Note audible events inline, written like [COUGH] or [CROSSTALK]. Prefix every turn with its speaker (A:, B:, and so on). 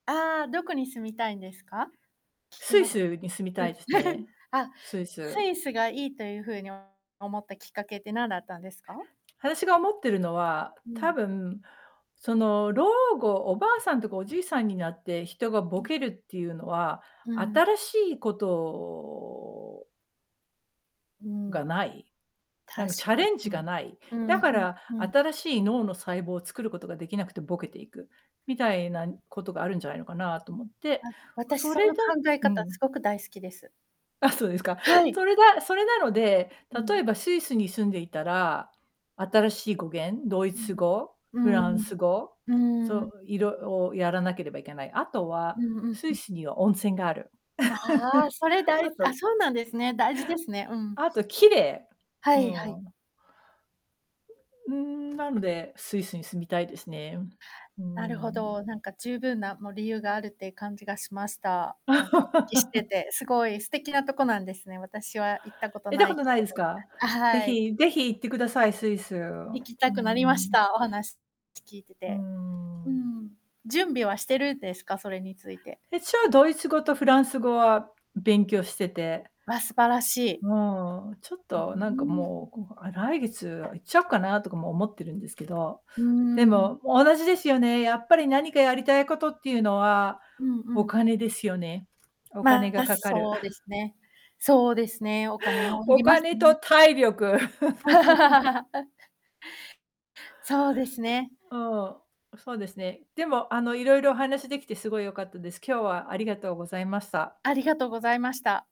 A: ああ、どこに住みたいんですか？聞き
B: スイ
A: ましたね
B: スに住み
A: う
B: た
A: ん。
B: いですね。
A: [CHUCKLES] あ、
B: スイ
A: ス
B: ス。
A: イスがいいというふうにお思ったきっかけって、なんだったんですか？
B: あたしが思ってるのは、
A: う
B: 多
A: ん。
B: 分、その、老後、おばあさんとかおじいさんになって、人が
A: う
B: ボ
A: ん。
B: ケるっていうのは、
A: うん。
B: 新しいことを
A: うーん。
B: がない。な
A: 確
B: んか、チャ
A: か
B: レンジがない。
A: うん。うん、
B: だ
A: う
B: か
A: ん、
B: ら
A: ふん。
B: 新しい脳の細胞作ることができなくてボケていく、みたいなんことがあるんじゃないのかなと思って、
A: あ、私
B: そ
A: そ
B: れ
A: の
B: だ
A: 考え
B: う
A: 方す
B: ん。
A: ごく大好きです。
B: あ、そうですか。
A: はい。
B: それがそれなので、
A: う
B: 例
A: ん。
B: えば、スイスに住んでいたら、新しい語言、ドイ
A: う
B: ツ
A: ん。
B: 語、
A: う
B: フラン
A: ーん。
B: ス語、
A: うー
B: そ
A: ん。
B: う、いろをやらなければいけない。あとは、
A: うんうん
B: ス
A: う
B: イ
A: ん。
B: スには温泉がある。
A: ああああ、
B: [CHUCKLES]
A: それだい
B: あ
A: すあ、
B: と
A: そうなんですね、大事ですね、うん。
B: あと、綺麗。
A: は
B: う
A: いは
B: ー
A: い。
B: ん。うーん、なので、スイスに住みたいですね。うー
A: なるほ
B: ん。
A: ど。なんか、十分な、もう、理由があるって感じがしました。なんか、うきして
B: [LAUGHS]
A: て、すごい素敵なとこなんですね。私は行ったこと
B: 行った
A: な
B: こ
A: い
B: と
A: けれ
B: ないすか？
A: ど。あ、
B: 是
A: はい。
B: 非、是非行ってください、スイス。う
A: 行き
B: ー
A: たくなりまし
B: ん。
A: た、お話しし、聞いて
B: うー
A: て。う
B: ん。
A: ん。準備はしてる、ですか？それについて。
B: 一応、ドイツ語とフランス語は勉強してて、
A: わ、素晴らしい。
B: もう、ちょっ
A: うう
B: となんか
A: ーん。
B: もう、こがあ、来月、あ、行っちゃおうかなとかも思ってるんですけど、
A: うー
B: で
A: ん。
B: も、もう同じですよね、やっぱり、何かやりたいことっていうのは、
A: うんう
B: お
A: ん。
B: 金ですよね。お金
A: ま
B: が
A: あ、
B: かかる。
A: そうです
B: [CHUCKLES]
A: ね。そうですね、お金を要
B: お
A: ります
B: 金と
A: ね。
B: 体力。[LAUGHS]
A: [LAUGHS] あ。そうですね。
B: ああ、そうですね。でも、あの、いろいろお話しできてすごい良かったです。今日は、ありがとうございました。
A: ありがとうございました。